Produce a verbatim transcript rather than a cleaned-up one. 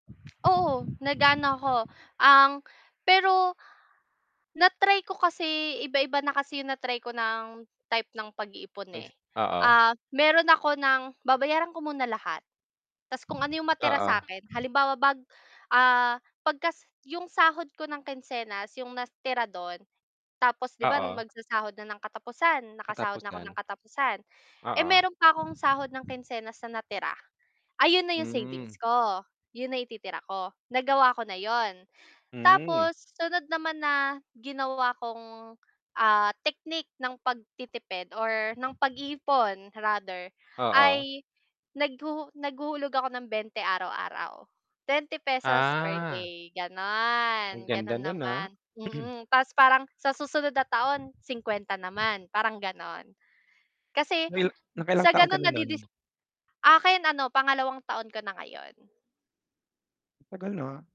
Oo, nag-aano ko ang pero na-try ko kasi iba-iba na kasi 'yong na-try ko ng type ng pag-iipon, eh. [unintelligible] Oo. Ah, mayro'n ako ng babayaran ko muna lahat, tas kung ano 'yong matira sa Oo. akin, halimbawa bag ah, pagkas 'yong sahod ko ng kinsenas, 'yong natira do'n tapos 'di ba, Oo. magsasahod na ng katapusan, nakasahod na ako ng Katapusan. katapusan, eh, Oo. mayro'n pa akong sahod ng kinsenas na natira, ayun na 'yong savings Hmm. ko. 'Yon na yung ititira ko, nagawa ko na 'yon. Hmm. Tapos sunod naman na ginawa kong, ah, technique ng pagtitipid or ng pag-iipon rather, Oo. ay naghuhu naghuhulog ako ng bente araw-araw, twenty pesos per Ah. day, Ang gano'n, ganda ganon no'n, ah. naman, mm. Tas parang sa susunod na taon singkwenta naman parang gano'n. Kasi Ngayo naka-ilang sa taon ka gano'n na no'n? nadidis akin ano pangalawang taon ko na ngayon. Ang tagal na.